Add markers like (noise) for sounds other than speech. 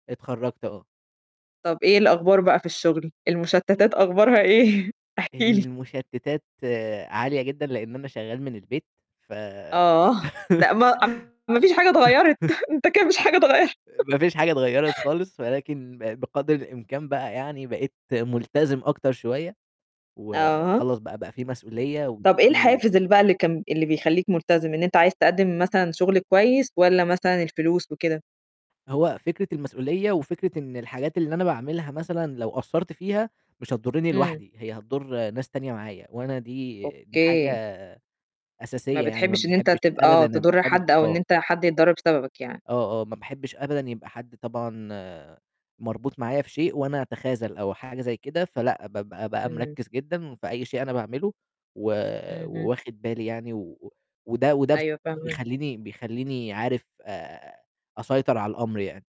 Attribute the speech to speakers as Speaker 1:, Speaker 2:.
Speaker 1: اتخرّجت آه.
Speaker 2: طب إيه الأخبار بقى في الشغل، المشتتات أخبارها إيه؟ احكي لي.
Speaker 1: المشتتات عالية جدًا لأن أنا شغال من البيت ف
Speaker 2: آه، لأ
Speaker 1: (laughs)
Speaker 2: ما (unintelligible) ما فيش حاجة
Speaker 1: (chuckles)
Speaker 2: اتغيرت أنت كان مش حاجة اتغير (chuckles)
Speaker 1: ما فيش حاجة اتغيرت خالص ولكن بقدر الإمكان بقى يعني بقيت ملتزم أكتر شوية،
Speaker 2: آه.
Speaker 1: وخلاص بقى، بقى في مسؤولية
Speaker 2: طب إيه
Speaker 1: وفي
Speaker 2: الحافز بقى اللي كان اللي بيخلّيك ملتزم إن أنت عايز تقدّم مثلًا شغل كويس والّا مثلًا الفلوس وكده؟
Speaker 1: هو فكرة المسؤولية وفكرة إن الحاجات اللي أنا باعملها مثلًا لو قصّرت فيها مش هتضرني
Speaker 2: إمم.
Speaker 1: لوحدي، هي هتضر ناس تانية معايا وأنا دي دي
Speaker 2: أوكي.
Speaker 1: حاجة
Speaker 2: ما
Speaker 1: أساسية يعني، ما
Speaker 2: بتحبش إن أنت
Speaker 1: باحبش
Speaker 2: تبقى
Speaker 1: أبدا أبقى
Speaker 2: تضر
Speaker 1: حابب
Speaker 2: حد أو إن
Speaker 1: آه.
Speaker 2: أنت حد يتضر بسببك يعني.
Speaker 1: آه، آه، ما باحبش أبدا يبقى حد طبعًا مربوط معايا في شيء، وأنا أتخاذل أو حاجة زي كده، فلأ بابقى بقى
Speaker 2: إمم.
Speaker 1: مركّز جدًا في أي شيء أنا باعمله و
Speaker 2: اهم.
Speaker 1: وواخد بالي يعني وده وده
Speaker 2: أيوه فاهمة.
Speaker 1: بيخلّيني بيخلّيني عارف آآ أسيطر على الأمر يعني.